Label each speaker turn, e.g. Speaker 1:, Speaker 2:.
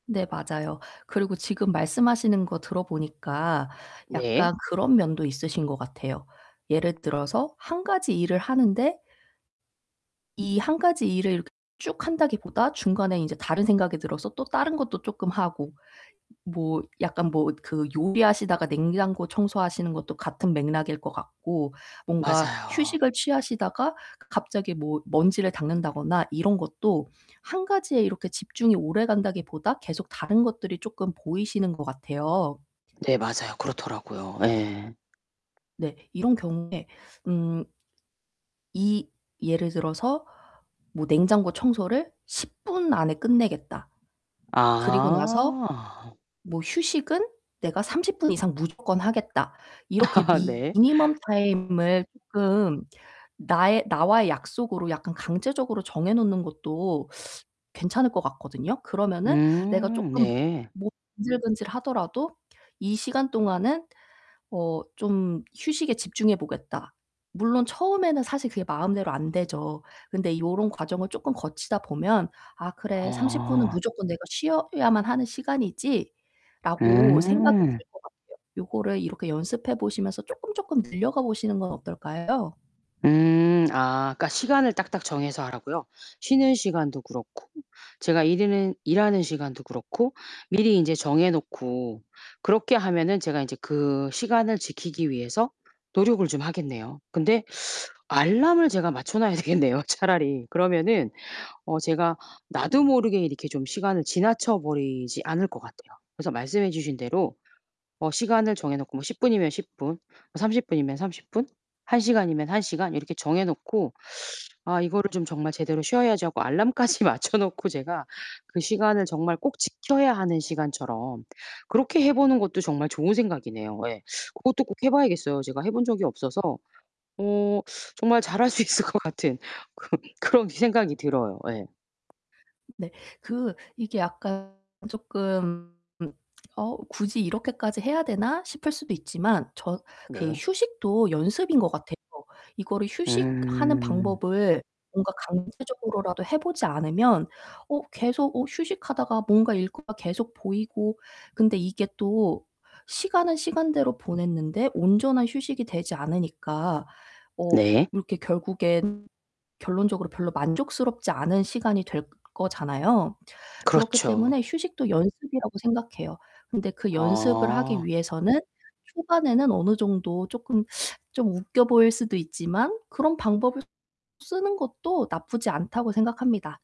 Speaker 1: 네 맞아요. 그리고 지금 말씀하시는 거 들어 보니까
Speaker 2: 네.
Speaker 1: 약간 그런 면도 있으신 것 같아요. 예를 들어서 1 가지 일을 하는데 이 1 가지 일을 쭉 한다기보다 중간에 인제 다른 생각이 들어서 또 다른 것도 쪼끔 하고 뭐 약간 뭐 그 요리하시다가 냉장고 청소하시는 것도 같은 맥락일 것 같고 뭔가
Speaker 2: 맞아요.
Speaker 1: 휴식을 취하시다가 갑자기 뭐 먼지를 닦는다거나 이런 것도 1 가지에 이렇게 집중이 오래간다기보다 계속 다른 것들이 쪼끔 보이시는 것 같아요.
Speaker 2: 네 맞아요. 그렇더라고요. 예.
Speaker 1: 네. 이런 경우에 음 이 예를 들어서 뭐 '냉장고 청소를 10 분 안에 끝내겠다. 그리고 나서
Speaker 2: 아.
Speaker 1: 뭐 휴식은 내가 30 분 이상 무조건 하겠다.' 이렇게
Speaker 2: 아 네.
Speaker 1: 미니멈 타임을 쪼끔 나의 나와의 약속으로 약간 강제적으로 정해 놓는 것도 괜찮을 것 같거든요. 그러면은 '내가
Speaker 2: 음
Speaker 1: 쪼끔
Speaker 2: 네.
Speaker 1: 몸이 근질근질하더라도 이 시간 동안은 어 좀 휴식에 집중해 보겠다.' 물론 처음에는 사실 그게 마음대로 안 되죠. 근데 요런 과정을 조금 거치다 보면 '아 그래 30 분은
Speaker 2: 아.
Speaker 1: 무조건 내가 쉬어야만 하는 시간이지.'라고 생각이
Speaker 2: 음.
Speaker 1: 들 것 같아요. 요거를 이렇게 연습해 보시면서 쪼끔쪼끔 늘려가 보시는 건 어떨까요?
Speaker 2: 음 아 그러니까 시간을 딱딱 정해서 하라고요? 쉬는 시간도 그렇고 제가 일흐는 일하는 시간도 그렇고 미리 인제 정해 놓고 그렇게 하면은 제가 인제 그 시간을 지키기 위해서 노력을 좀 하겠네요. 근데 알람을 제가 맞춰 놔야 되겠네요 차라리. 그러면은 어 제가 나도 모르게 이렇게 좀 시간을 지나쳐버리지 않을 것 같아요. 그래서 말씀해 주신 대로 어 시간을 정해 놓고 뭐 10 분이면 10 분, 30 분이면 30 분, 1 시간이면 1 시간 이렇게 정해 놓고 '아 이거를 좀 정말 제대로 쉬어야지.' 하고 알람까지 맞춰 놓고 제가 그 시간을 정말 꼭 지켜야 하는 시간처럼 그렇게 해 보는 것도 정말 좋은 생각이네요. 예. 그것도 꼭 해 봐야겠어요. 제가 해 본 적이 없어서 어 정말 잘 할 수 있을 것 같은 그런 그런 생각이 들어요. 예.
Speaker 1: 네 그 이게 약간 쪼끔 '어 굳이 이렇게까지 해야 되나?' 싶을 수도 있지만 저 그
Speaker 2: 네.
Speaker 1: 휴식도 연습인 것 같아요. 이거를 휴식하는
Speaker 2: 음.
Speaker 1: 방법을 뭔가 강제적으로라도 해 보지 않으면 어 계속 어 휴식하다가 뭔가 일과가 계속 보이고 근데 이게 또 시간은 시간대로 보냈는데 온전한 휴식이 되지 않으니까 어
Speaker 2: 네.
Speaker 1: 이렇게 결국엔 결론적으로 별로 만족스럽지 않은 시간이 될 거잖아요. 그렇기
Speaker 2: 그렇죠.
Speaker 1: 때문에 휴식도 연습이라고 생각해요. 근데 그 연습을 하기
Speaker 2: 아.
Speaker 1: 위해서는 초반에는 어느 정도 쪼끔 좀 웃겨 보일 수도 있지만 그런 방법을 쓰는 것도 나쁘지 않다고 생각합니다.